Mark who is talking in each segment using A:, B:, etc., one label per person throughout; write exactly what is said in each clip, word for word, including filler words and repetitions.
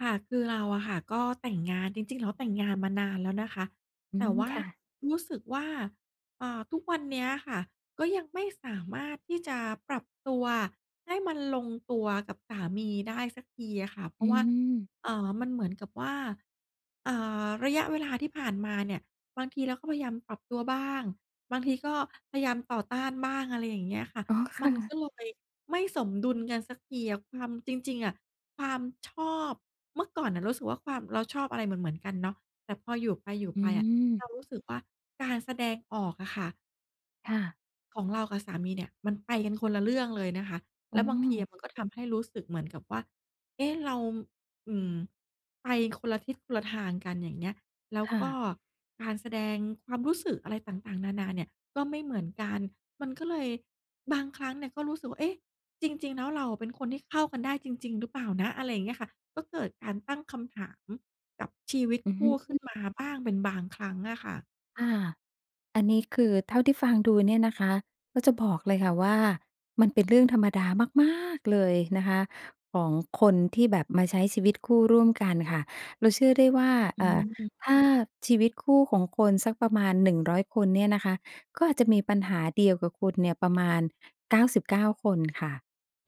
A: ค่ะ คือเราอะค่ะก็แต่งงาน จริง ๆ แล้วแต่งงานมานานแล้วนะคะ
B: อื
A: แต่
B: ม
A: ว่า
B: ค่ะ
A: รู้สึกว่า เอ่อ ทุกวันเนี้ยค่ะ ก็ยังไม่สามารถที่จะปรับตัวให้มันลงตัวกับสามีได้สักทีอะค่ะ เพร
B: อ
A: า
B: ื
A: ะว่า
B: ม
A: เอ่อ มันเหมือนกับว่า เอ่อ ระยะเวลาที่ผ่านมาเนี่ย บางทีเราก็พยายามปรับตัวบ้าง บางทีก็พยายามต่อต้านบ้าง อะไรอย่างเงี้ยค่ะ
B: อ๋อ ค
A: มั
B: ่
A: น
B: ะ
A: ก็เลยไม่สมดุลกันสักทีอะ ทำ จริง ๆ อะ ความชอบ เมื่อก่อนน่ะรู้สึกว่าความ เราชอบอะไรเหมือน ๆ กันเนาะ แต่พออยู่ไปอยู่
B: อื
A: ไปอะ
B: ม
A: เรารู้สึกว่า การแสดงออกอะค่ะ
B: ค่ะ
A: ของเรากับสามีเนี่ย มันไปกันคนละเรื่องเลยนะคะ
B: อ
A: แ
B: ๋
A: ล้วบางที
B: อ
A: มันก็ทำให้รู้สึกเหมือนกับว่า เอ๊ะ เรา อ อืม ไปคนละทิศ คนละทางกัน อย่างเงี้ย แล้ว
B: ค่
A: ก็
B: ะ
A: การแสดงความรู้สึกอะไรต่าง ๆ นา ๆ เนี่ย ก็ไม่เหมือนกัน มันก็เลยบางครั้งเนี่ยก็รู้สึกว่า เอ๊ะ จริง ๆ แล้วเราเป็นคนที่เข้ากันได้จริง ๆ หรือเปล่านะ? อะไรอย่างเงี้ยค่ะ ก็เกิดการตั้งคำถามกับชีวิต
B: อือ
A: ค
B: ฮ
A: ู
B: ึ
A: ่ข
B: อ
A: ึ้
B: ื
A: น
B: อ
A: มาบ้างเป็นบางครั้งอะค่ะ
B: ค่ะ อันนี้คือเท่าที่ฟังดูเนี่ยนะคะ ก็จะบอกเลยค่ะว่า มันเป็นเรื่องธรรมดามากม๊าก เลยนะคะ ของคนที่แบบมาใช้ชีวิตคู่ร่วมกันค่ะ เราเชื่อได้ว่า
A: อ อ
B: เ
A: ื
B: อ่อ
A: ม
B: ถ้าชีวิตคู่ของคนสักประมาณ หนึ่งร้อย คนเนี่ยนะคะ ก็อาจจะมีปัญหาเดียวกับคุณเนี่ยประมาณ เก้าสิบเก้า คนค่ะ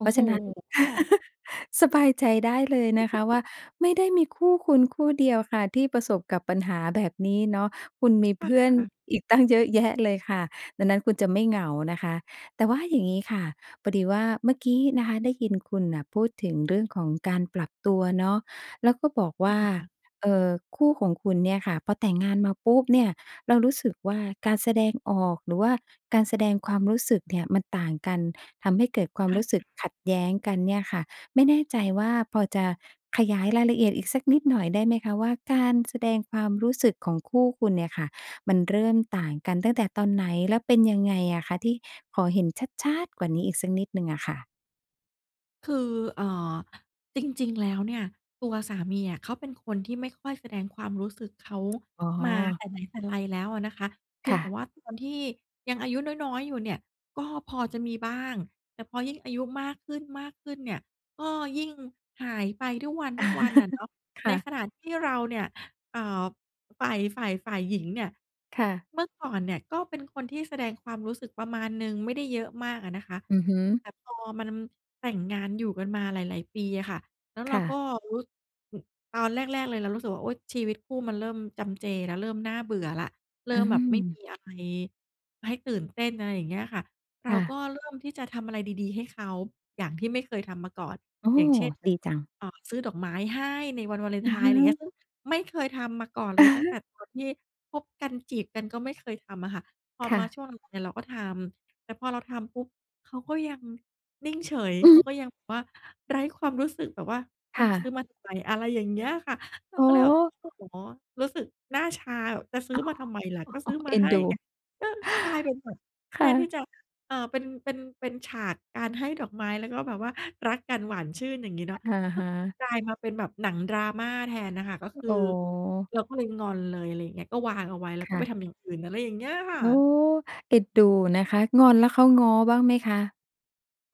A: โอ
B: พ
A: ้
B: รา
A: โ
B: ะ
A: ฮ
B: ฉะนั้น สบายใจได้เลยนะคะว่า ไม่ได้มีคู่คุณคู่เดียวค่ะที่ประสบกับปัญหาแบบนี้เนาะ คุณมี
A: ค
B: เพื่อน
A: ่ะ
B: อีกตั้งเยอะแยะเลยค่ะ ดังนั้นคุณจะไม่เหงานะคะ แต่ว่าอย่างงี้ค่ะ พอดีว่าเมื่อกี้นะคะได้ยินคุณน่ะพูดถึงเรื่องของการปรับตัวเนาะ แล้วก็บอกว
A: ค
B: ่า
A: ่ะ
B: เอ่อ คู่ของคุณเนี่ยค่ะพอแต่งงานมาปุ๊บเนี่ย เรารู้สึกว่า การแสดงออก หรือว่าการแสดงความรู้สึกเนี่ยมันต่างกัน ทำให้เกิดควา
A: ใ
B: ม
A: ช่
B: รู้สึ
A: ค
B: ก
A: ่ะ
B: ขัดแย้งกันเนี่ยค่ะ ไม่แน่ใจว่า พอจะขยายรายละเอียดอีกสักนิดหน่อยได้ไหมคะว่า การแสดงความรู้สึกของคู่คุณเนี่ยค่ะ มันเริ่มต่างกันตั้งแต่ตอนไหน แล้วเป็นยังไงอะคะที่ ขอเห็นชัด ๆ กว่านี้อีกสักนิดหนึ่งอะค่ะ?
A: คือ เอ่อ จริง ๆ แล้วเนี่ย ตัวสามีอะเขาเป็นคนที่ไม่ค่อยแสดงความรู้สึกเขา
B: อ๋
A: มาแ
B: อ
A: ต่ไหนแต่ไรแล้วอะนะคะ เพี
B: ค
A: ยง
B: ่
A: แต่
B: ะ
A: ว่าตอนที่ยังอายุน้อย ๆ อยู่เนี่ยก็พอจะมีบ้าง แต่พอยิ่งอายุมากขึ้น ๆ เนี่ย ก็ยิ่งหายไปทุกวัน ๆ น่ะเนาะ
B: ค
A: ใน
B: ่ะ
A: ขณะที่เราเนี่ย เอ่อ ฝ่าย ฝ่าย ฝ่ายหญิงเนี่ย
B: ค่ะ
A: เมื่อก่อนเนี่ยก็เป็นคนที่แสดงความรู้สึกประมาณหนึ่ง ไม่ได้เยอะมากอะนะคะ
B: อือฮึ
A: แต่พอมันแต่งงานอยู่กันมาหลาย ๆ ปีอะค่ะ แล้วเร
B: ค
A: า
B: ่
A: ก็
B: ะ
A: รู้ อ ตอนแรก ๆ เลยเรารู้สึกว่า โอ้ย! ชีวิตคู่มันเริ่มจำเจแล้ว เริ่มน่าเบื่อแล้ว เร
B: อ
A: ิ่
B: ื
A: มแบบไม่ม
B: ม
A: ีอะไรให้ตื่นเต้น อะไรอย่างเงี้ยค่ะ เร
B: ค
A: า
B: ่
A: ก
B: ะ
A: ็เริ่มที่จะทำอะไรดี ๆ ให้เขาอย่างที่ไม่เคยทำมาก่อน
B: โอ้
A: อย่างเช่น แบ
B: ดี
A: บ
B: จัง
A: เอ่อ ซื้อดอกไม้ให้ในวันวาเลน
B: อ
A: ไ
B: ะ
A: ท
B: ฮ
A: น์ อะไรอย่างนี้
B: ะ
A: ซึ่งไม่เคยทำมาก่อนเลยตั้งแต่ตอนที่คบกัน จีบกัน ก็ไม่เคยทำอะค่ะ พอ
B: ค่
A: มา
B: ะ
A: ช่วง [unintelligible] เนี่ยเราก็ทำ แต่พอเราทำปุ๊บเขาก็ยังนิ่งเฉย
B: อื
A: เข
B: อ
A: า
B: ฮึ
A: ก็ยังแบบว่าไร้ความรู้สึกแบบว่า อ
B: ค
A: ะ
B: ่
A: ซื้
B: ะ
A: อมาทำไม อะไรอย่างเงี้ยค่ะ เรา
B: โอ
A: ก
B: ้
A: ็เลยแบ
B: โ
A: บ
B: ฮ
A: โอ้โฮ รู้สึกหน้าชาแบบ "จะซื้อมาทำไมล่ะ ก็ซื้อม
B: เ
A: า
B: อ็
A: ใ
B: น
A: ห้
B: ดู
A: ไง" เออ กลายเป็นแบบ
B: ค
A: แท
B: ่
A: นที่
B: ะ
A: จะ เอ่อ เป็น เป็น เป็นฉากการให้ดอกไม้ แล้วก็แบบว่ารักกันหวานชื่นอย่างงี้เน
B: อ
A: าะ
B: ะ
A: ก็
B: ฮะ
A: กลายมาเป็นแบบหนัง Drama แทนน่ะค่ะ ก็คื
B: โ
A: อ
B: อ้
A: เราก็เลยงอนเลย อะไรอย่างนี้ ก็วางเอาไว้ แล้
B: ค
A: วก็
B: ่
A: ไป
B: ะ
A: ทำอย่างอื่น อะไรอย่างนี้ค่
B: โอ้
A: ะ
B: เด็ดดูนะคะ งอนแล้วเขาง้อบ้างไหมคะ?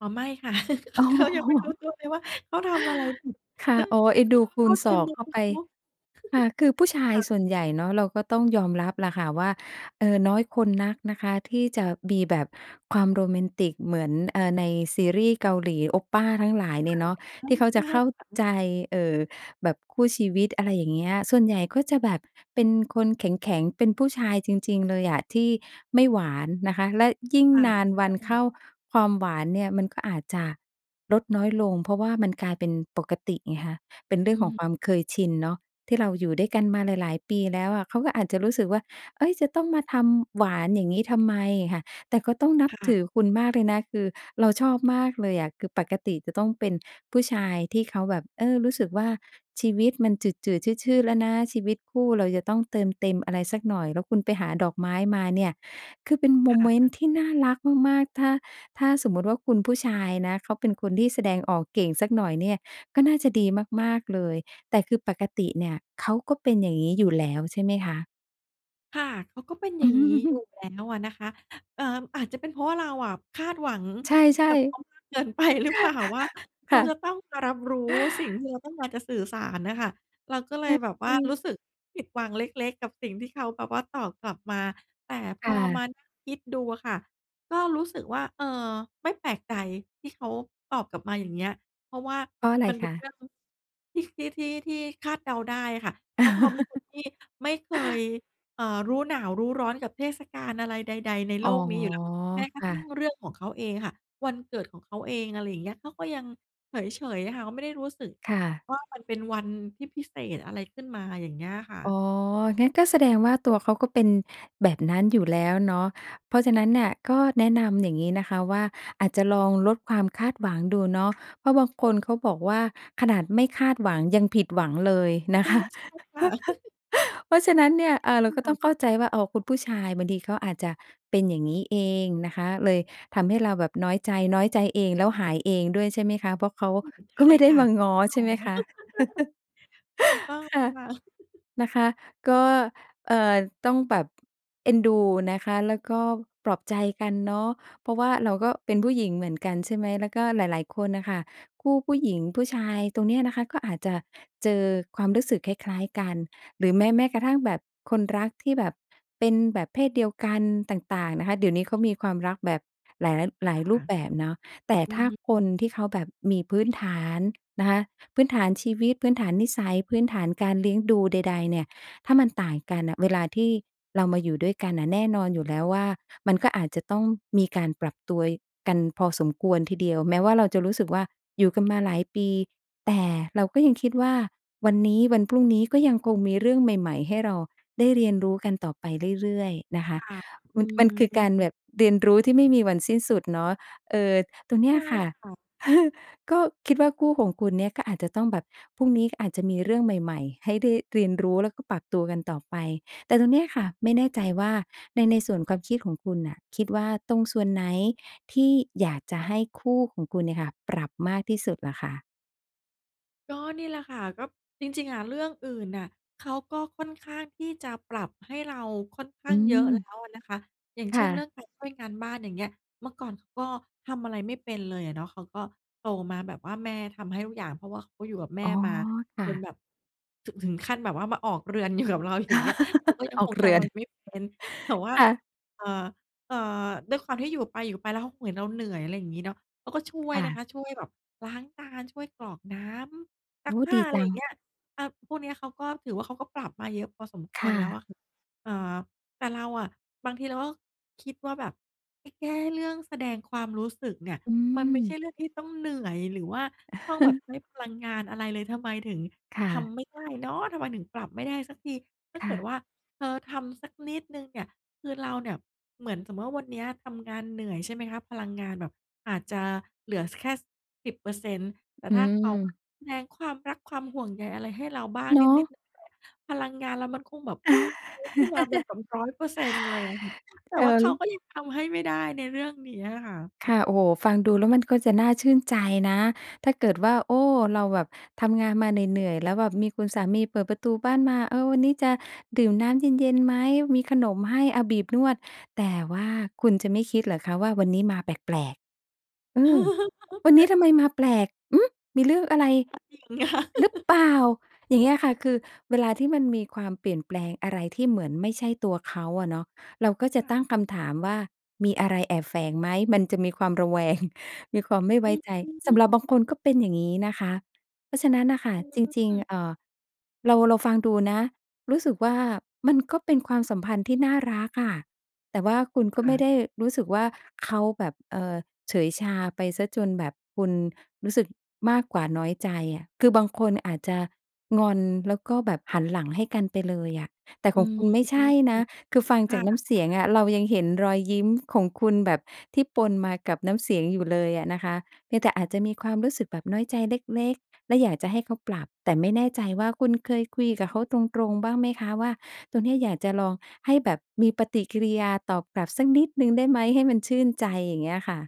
A: อ๋อ ไม่ค่ะ
B: อ๋อ
A: เขายังไม่รู้ตัวเลยว่า เขาทำอะไรผิด
B: ค่ะ
A: ซึ่ง
B: อ๋อ เอ็น
A: ซ
B: ด
A: ึ่
B: ู
A: ง
B: ค
A: เ
B: ู
A: ข้
B: ณ
A: าใจ
B: สอง
A: มุ
B: เข
A: ม
B: ้าไป
A: เนาะ
B: ค่ะ คือผู้ชา
A: ค
B: ย
A: ่
B: ส
A: ะ
B: ่วนใหญ่เนาะ เราก็ต้องยอมรับล่ะค่ะว่า เอ่อ น้อยคนนักนะคะ ที่จะมีแบบความโรแมนติกเหมือน เอ่อ ในซีรี่ส์เกาหลี 오빠 ทั้งหลายเน
A: ค
B: ี
A: ่
B: ่
A: ะ
B: ยเนาะ
A: อื
B: ที่
A: ม
B: เขา
A: ใ
B: จ
A: ช
B: ะ
A: ่
B: เข้า
A: ค่ะ
B: ใจ เอ่อ แบบคู่ชีวิต อะไรอย่างเงี้ย ส่วนใหญ่ก็จะแบบเป็นคนแข็ง ๆ เป็นผู้ชายจริง ๆ เลยอ่ะ ที่ไม่หวานนะคะ และยิ่ง
A: ค่ะ
B: นาน
A: ใ
B: ว
A: ช
B: ันเข้
A: ่
B: า ความหวานเนี่ยมันก็อาจจะลดน้อยลง เพราะว่ามันกลายเป็นปกติไงคะ เป็นเรื่
A: อื
B: อง
A: อ
B: ขอ
A: ฮ
B: งความ
A: ึ
B: เคยชินเนาะ ที่เราอยู่ด้วยกันมาหลาย ๆ ปีแล้วอะ เขาก็อาจจะรู้สึกว่า เอ๊ย จะต้องมาทำหวานอย่างงี้ทำไมค่ะ แต่ก็ต้องนั
A: ค
B: บ
A: ่
B: ถ
A: ะ
B: ือคุณมากเลยนะ คือเราชอบมากเลยอะ คือปกติจะต้องเป็นผู้ชายที่เขาแบบ เออ รู้สึกว่า ชีวิตมันจืด ๆ ชืด ๆ แล้วนะ ชีวิตคู่เราจะต้องเติมเต็มอะไรสักหน่อย แล้วคุณไปหาดอกไม้มาเนี่ย คือเป็นโม
A: ค่
B: เมน
A: ะ
B: ต์ที่น่ารักมาก ๆ ถ้า ถ้าสมมุติว่าคุณผู้ชายนะ เขาเป็นคนที่แสดงออกเก่งสักหน่อยเนี่ย ก็น่าจะดีมาก ๆ เลย แต่คือปกติเนี่ยเขาก็เป็นอย่างงี้อยู่แล้วใช่ไหมคะ?
A: ค่ะ เขาก็เป็นอย่างงี้อยู่แล้วอะนะคะ เอ่อ อาจจะเป็นเพราะว่า เราอะคาดหวัง
B: ใช่
A: กั
B: ๆ
A: บเขามากเกิน ไปหรือเปล่า? ว่า เข
B: ค
A: า
B: ่ะ
A: จะต้องมารับรู้สิ่งที่เราต้องการจะสื่อสารน่ะค่ะ เราก็เล
B: ใช
A: ย
B: ่
A: แบบ
B: ใ
A: ว
B: ช
A: ่ารู
B: ่
A: ้สึกผิดหวังเล็ก ๆ กับสิ่งที่เขาแบบว่าตอบกลับมา แต่พ
B: ค่
A: อมา
B: ะ
A: นั่งคิดดูอะค่ะ ก็รู้สึกว่า "เออ ไม่แปลกใจที่เขาตอบกลับมาอย่างเงี้ย" เพราะว่า
B: เพราะอะไร
A: มันเป
B: ค
A: ็นเรื
B: ะ?
A: ่องที่ ที่ ที่ ที่คาดเดาได้ค่ะ เพราะเขาเป็นคนที่ไม่เคย เอ่อ รู้หนาวรู้ร้อนกับเทศกาลอะไรใด ๆ ใน
B: อ
A: โ
B: ๋
A: ล
B: อ
A: กนี้อยู่แล้ว แม้ก
B: ค
A: ระ
B: ่
A: ทั่ง
B: ะ
A: เรื่องของเขาเองอะค่ะ วันเกิดของเขาเอง อะไรเงี้ย เขาก็ยังเฉย ๆ อะค่ะ เขาไม่ได้รู้สึก
B: ค่ะ
A: ว่า มันเป็นวันที่พิเศษอะไรขึ้นมา อย่างเงี้ยค่
B: อ
A: ะ
B: ๋อ งั้นก็แสดงว่าตัวเขาก็เป็นแบบนั้นอยู่แล้วเนาะ เพราะฉะนั้นน่ะก็แนะนำอย่างงี้นะคะว่า อาจจะลองลดความคาดหวังดูเนาะ เพราะบางคนเขาบอกว่า "ขนาดไม่คาดหวัง ยังผิดหวังเลย" น
A: เอ
B: ะคะ
A: อ ใช่ค่ะ
B: เพราะฉะนั้นเนี่ย เอ่อ เราก็
A: ค
B: ต
A: ่
B: ้อ
A: ะ
B: งเข้าใจว่า "อ้อ คุณผู้ชายบางทีเขาอาจจะเป็นอย่างงี้เอง" นะคะ เลยทำให้เราแบบน้อยใจ น้อยใจเองแล้วหายเองด้วยใช่ไหมคะ เพราะเขา
A: อืม
B: ก็
A: ใช
B: ไ
A: ่
B: ม่ได
A: ค
B: ้
A: ่ะ
B: มาง้อใช่ไหมคะ?
A: เข้าไม่ง้อ ถูกต้อง
B: ค
A: เล
B: ่ะ
A: ยค่ะ
B: นะคะ ก็ เอ่อ ต้องแบบ เอ็นดูนะคะ แล้วก็ปลอบใจกันเนาะ เพราะว่าเราก็เป็นผู้หญิงเหมือนกันใช่ไหม แล้วก็หลาย ๆ คนน่ะค่ะ คู่ผู้หญิงผู้ชายตรงเนี้ยนะคะ ก็อาจจะเจอความรู้สึกคล้าย ๆ กัน หรือแม้ แม้กระทั่งแบบคนรักที่แบบเป็นแบบเพศเดียวกันต่าง ๆ นะคะ เดี๋ยวนี้เขามีความรักแบบ หลาย หลายร
A: ค
B: ู
A: ่ะ
B: ปแบบเนาะ แต่
A: อื
B: ถ
A: อ
B: ้า
A: ฮึ
B: คนที่เขาแบบมีพื้นฐานนะคะ พื้นฐานชีวิต พื้นฐานนิสัย พื้นฐานการเลี้ยงดูใด ๆ เนี่ย ถ้ามันต่างกันน่ะ เวลาที่เรามาอยู่ด้วยกันน่ะ แน่นอนอยู่แล้วว่า มันก็อาจจะต้องมีการปรับตัว ย กันพอสมควรทีเดียว แม้ว่าเราจะรู้สึกว่าอยู่กันมาหลายปี แต่เราก็ยังคิดว่า วันนี้วันพรุ่งนี้ก็ยังคงมีเรื่องใหม่ ๆ ให้เราได้เรียนรู้กันต่อไปเรื่อย ๆ นะคะ
A: ค่ะ อื
B: ม มันคือการแบ
A: ม
B: บเรียนรู้ที่ไม่มีวันสิ้นสุดเนาะ เอ่อ ตรงเนี
A: ใ
B: ้
A: ช่
B: ยค่ะ
A: ค่ะ
B: ก็คิดว่าคู่ของคุณเนี่ย ก็อาจจะต้องแบบพรุ่งนี้ก็อาจจะมีเรื่องใหม่ ๆ ให้ได้เรียนรู้แล้วก็ปรับตัวกันต่อไป แต่ตรงเนี้ยค่ะ ไม่แน่ใจว่าใน ในส่วนความคิดของคุณน่ะ คิดว่าตรงส่วนไหนที่อยากจะให้คู่ของคุณเนี่ยค่ะ ปรับมากที่สุดเหรอคะ?
A: ก็นี่แหละค่ะ ก็จริง ๆ อะ เรื่องอื่นน่ะเขาก็ค่อนข้างที่จะปรับให้เราค่อนข้
B: อื
A: างเยอะแล้
B: ม
A: วอะนะคะ อย่าง
B: ค
A: เช
B: ่
A: ่น เรื่
B: ะ
A: องการช่วยงานบ้าน อย่างเงี้ย เมื่อก่อนเขาก็ทำอะไรไม่เป็นเลยอะเนาะ เขาก็โตมาแบบว่าแม่ทำให้ทุกอย่าง เพราะว่าเขาก็อยู่กับแม่
B: อ๋อ
A: มา
B: ค่
A: จนแ
B: ะ
A: บบ ถ ถึงขั้นแบบว่ามาออกเรือน อยู่กับเรา อย่างเงี้ย เขาก็ยัง
B: ออ
A: ค
B: ก
A: งท
B: เรื
A: ำอ
B: อน
A: ะไรไม่เป็น แต่ว่า
B: ค่ะ
A: เอ่อ เอ่อ ด้วยความที่อยู่ไปอยู่ไป แล้วเขาเห็นเราเหนื่อย อะไรอย่างงี้เนาะ เขาก็ช่ว
B: ค
A: ย
B: ่
A: นะ
B: ะ
A: คะ ช่วยแบบล้างจาน ช่วยกรอกน้ำ ซ
B: โ
A: ั
B: อ
A: ก
B: ้โฮ
A: ผ้
B: ด
A: า
B: ี
A: อะ
B: จ
A: ไร
B: ั
A: อย่า
B: ง
A: งเงี้ย อ่า พวกเนี้ยเขาก็ถือว่าเขาก็ปรับมาเยอะพอสมค
B: ค
A: ว
B: ่
A: รแล้ว
B: ะ
A: อะคะ อ่า แต่เราอะ บางทีเราก็คิดว่าแบบไปแก้เรื่องแสดงความรู้สึกเนี่ย
B: อื
A: มันไม่ใช่
B: ม
A: เรื่องที่ต้องเหนื่อย หรือว่าต้องแบบให้พลังงานอะไรเลย ทำไมถึง
B: ค่
A: ท
B: ะ
A: ำไม่ได้เนาะ ทำไมถึงปรับไม่ได้สักที ถ้า
B: ค
A: เ
B: ่
A: กิด
B: ะ
A: ว่าเธอทำสักนิดหนึ่งเนี่ย คือเราเนี่ย เหมือนสมมุติว่าวันนี้ทำงานเหนื่อยใช่ไหมคะ พลังงานแบบอาจจะเหลือ ส แค่ส สิบเปอร์เซ็นต์ แต่
B: อื
A: ถ้าเขาอะ
B: ม
A: แสดงความรักความห่วงใยอะไรให้เราบ้าง
B: เน
A: น
B: า
A: ิ
B: ะ
A: ด ๆ หน่อย ๆ พลังงานเรามันคงแบบ พุ่งปรี๊ดขึ้นมาบน [unintelligible] ร้อยเปอร์เซ็นต์ เลยอะคะ แต่
B: เพลิ
A: ว่าเขา
B: น
A: ก็ยังทำให้ไม่ได้ในเรื่องนี้อะคะ
B: ค่ะ โอ้โฮ้ ฟังดูแล้วมันก็จะน่าชื่นใจนะ ถ้าเกิดว่า โอ้ เราแบบทำงานมาเหนื่อย ๆ แล้วแบบมีคุณสามีเปิดประตูบ้านมา "เออ วันนี้จะดื่มน้ำเย็น ๆ ไหม? มีขนมให้ เอาบีบนวด" แต่ว่าคุณจะไม่คิดเหรอคะว่า วันนี้มาแปลก ๆ อืม "วันนี้ทำไมมาแปลก อืม! มีเรื่องอะไร
A: ก็จริงค
B: อ
A: ่ะ
B: หรือเปล่า?" อย่างเงี้ยค่ะ คือเวลาที่มันมีความเปลี่ยนแปลงอะไรที่เหมือนไม่ใช่ตัวเขาอะเนาะ เราก็จ
A: ค
B: ะ
A: ่
B: ตั้ง
A: ะ
B: คำถามว่า มีอะไรแอบแฝงไหม มันจะมีความระแวง มีความไม่ไ
A: อ
B: ว้
A: ื
B: ใจ สำหรับ
A: ม
B: บางคนก็เป็นอย่างงี้นะคะ เพราะฉะนั้นน่ะค่ะ
A: อ
B: จริง
A: ืม
B: ๆ เอ่อ เรา เราฟังดูนะ รู้สึกว่า มันก็เป็นความสัมพันธ์ที่น่ารักอะ แต่ว่าคุณก็
A: ค
B: ไ
A: ่
B: ม่
A: ะ
B: ได้รู้สึกว่า เขาแบบ เอ่อ เฉยชาไปเสียจนแบบคุณรู้สึกมากกว่าน้อยใจอะ คือบางคนอาจจะงอน แล้วก็แบบหันหลังให้กันไปเลยอะ แต่
A: อื
B: ของค
A: ม
B: ุณไม่ใช่นะ คือฟัง
A: ค
B: จ
A: ่
B: า
A: ะ
B: กน้ำเสียง
A: ๆ
B: อะ เรายังเห็นรอยยิ้มของคุณแบบที่ปนมากับน้ำเสียงอยู่เลยอะนะคะ เพียงแต่อาจจะมีความรู้สึกแบบน้อยใจเล็ก ๆ และอยากจะให้เขาปรับ แต่ไม่แน่ใจว่าคุณเคยคุยกับเขาตรง ๆ บ้างไหมคะว่า ตรงเนี้ยอยากจะลองให้แบบมีปฏิกิริยาตอบกลับสักนิดหนึ่งได้ไหมให้มันชื่นใจ อย่างเงี้ยค่ะ?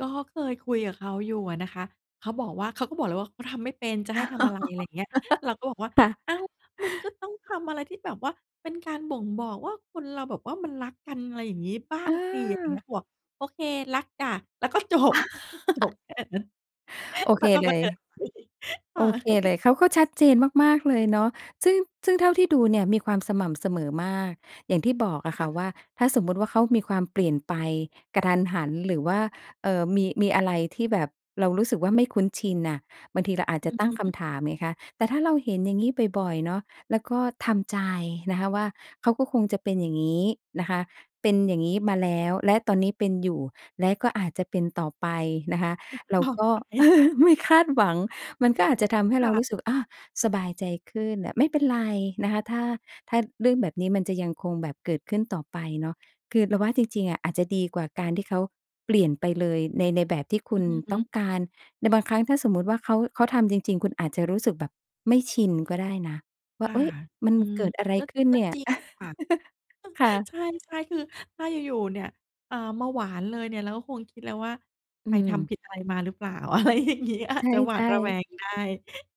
A: ก็เคยคุยกับเขาอยู่อะนะคะ เขาบอกว่า เขาก็บอกเลยว่า "เขาทำไม่เป็น จะให้ทำอะไร?" อะไรอย่างเงี้ย เราก็บอกว่า
B: ค่ะ
A: "อ้าว มันก็ต้องทำอะไรที่แบบว่าเป็นการบ่งบอกว่า คนเราแบบว่ามันรักกัน อะไรอย่างงี้บ้า
B: อ
A: งสิ" เงี้
B: า
A: ย ผวก "โอเค รักจ้ะ" แล้วก็ จบ จบแค่นั้น
B: โอ
A: แ
B: เ
A: ล
B: ค
A: ้วก็
B: เล
A: ก็เดิน
B: ย
A: ไป ค
B: โ
A: ่
B: อ
A: ะ
B: เคเลย เขาก็ชัดเจนมาก ๆ เลยเนาะ ซึ่ง ซึ่งเท่าที่ดูเนี่ยมีความสม่ำเสมอมาก อย่างที่บอกอ
A: ค
B: ะค
A: ่
B: ่ะ
A: ะ
B: ว่า ถ้าสมมุติว่าเขามีความเปลี่ยนไปกะทันหัน หรือว่า เอ่อ มี มีอะไรที่แบบเรารู้สึกว่า ไม่คุ้นชินน่ะ บางทีเราอาจ
A: อื
B: จะ
A: อ
B: ตั้งค
A: ฮึ
B: ำถามไงคะ แต่ถ้าเราเห็นอย่างงี้บ่อย ๆ เนาะ แล้วก็ทำใจนะคะว่า เขาก็คงจะเป็นอย่างงี้นะคะ เป็นอย่างงี้มาแล้ว และตอนนี้เป็นอยู่ และก็อาจจะเป็นต่อไปนะคะ
A: เป็น
B: เรา
A: ต่อ
B: ก็
A: ไป
B: ไม่ คาดหวัง มันก็อาจจะทำให้เ
A: ค
B: ร
A: ่
B: า
A: ะ
B: รู้สึก "อา สบายใจขึ้น" อะ ไม่เป็นไรนะคะ ถ้า ถ้าเรื่องแบบนี้มันจะยังคงแบบเกิดขึ้นต่อไปเนาะ คือเราว่า จริง ๆ อะอาจจะดีกว่าการที่เขาเปลี่ยนไปเลยใน ในแบบที่คุณ
A: อือฮ
B: ต
A: ึ
B: ้องการ ในบางครั้งถ้าสมมุติว่าเขา เขาทำจริง ๆ คุณอาจจะรู้สึกแบบไม่ชินก็ได้นะว่
A: ค
B: า
A: ่
B: "เ
A: ะ
B: ฮ้ย มัน
A: อืม
B: เกิดอะไร
A: ก็
B: ขึ้น
A: ก็
B: เนี่ย?"
A: จริงค่ะ
B: ค่ะ
A: ใช่ ๆ คือถ้าอยู่ ๆ เนี่ย เอ่อ มาหวานเลยเนี่ย เราก็คงคิดแล้วว่า
B: อ
A: "ไปท
B: ืม
A: ำผิดอะไรมาหรือเปล่า?" อะไรอย่างเงี้ย
B: ใ
A: จะหวา
B: ช
A: ด
B: ่
A: ระแ
B: ๆ
A: วงได้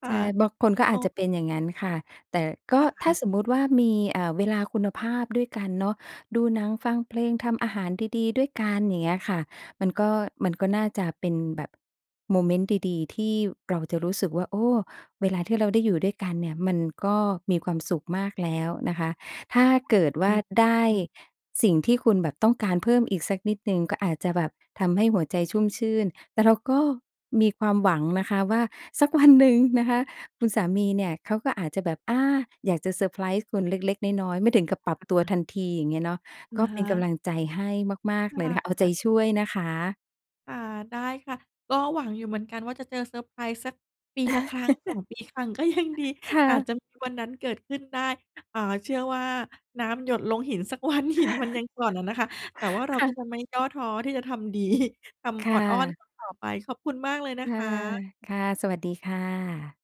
A: ค่
B: ใ
A: ะ
B: ช่ บางคนก็
A: เ
B: อ
A: อ
B: า
A: อ
B: จจะเป็นอย่างงั้นค่ะ แต่ก็
A: ค
B: ถ
A: ่
B: ้
A: ะ
B: าสมมุติว่ามี เอ่อ เวลาคุณภาพด้วยกันเนาะ ดูหนัง ฟังเพลง ทำอาหารดี ๆ ด้วยกัน อย่างเงี้ยค่ะ มันก็ มันก็น่าจะเป็นแบบโมเมนต์ดี ๆ ที่เราจะรู้สึกว่า "โอ้ เวลาที่เราได้อยู่ด้วยกันเนี่ย มันก็มีความสุขมากแล้ว" นะคะ ถ้าเกิดว
A: อ
B: ่
A: ื
B: า
A: ม
B: ได้
A: อืม
B: สิ่งที่คุณแบบต้องการเพิ่มอีกสักนิดหนึ่ง ก็อาจจะแบบทำให้หัวใจชุ่มชื่น แต่เราก็มีความหวังนะคะว่า สักวันหนึ่ง นะคะ คุณสามีเนี่ยเขาก็อาจจะแบบ อา อยากจะเซอร์ไพรส์คุณเล็ก ๆ น้อย ๆ ไม่ถึงกั
A: ค
B: บปรับตัว
A: ่ะ
B: ทันที อย่างเงี้ยเนาะ ก็เป็นกำลังใจให้มาก
A: ค
B: ๆ เลยนะคะ เอาใจ
A: ่ะ
B: ช่วยนะคะ
A: ค่ะ ได้ค่ะ ก็หวังอยู่เหมือนกันว่า จะเจอเซอร์ไพรส์สักปีละครั้ง สอง ปีครั้งก็ยังดี
B: ค่
A: อาจ
B: ะ
A: จะมีวันนั้นเกิดขึ้นได้ อ่า เชื่อว่า น้ำหยดลงหิน สักวัน หินมันยังกร่อนอะนะคะ แต่ว่าเรา
B: ค่
A: ก็
B: ะ
A: จะไม่ย่อท้อที่จะทำ ดี ท
B: ค
A: ำอ
B: ่
A: อดอ้อน
B: ะ
A: ต่อ ๆ ไป ขอบคุณมากเลย
B: ค
A: นะ
B: ่
A: ค
B: ะ
A: ะ
B: ค่ะ สวัสดีค่ะ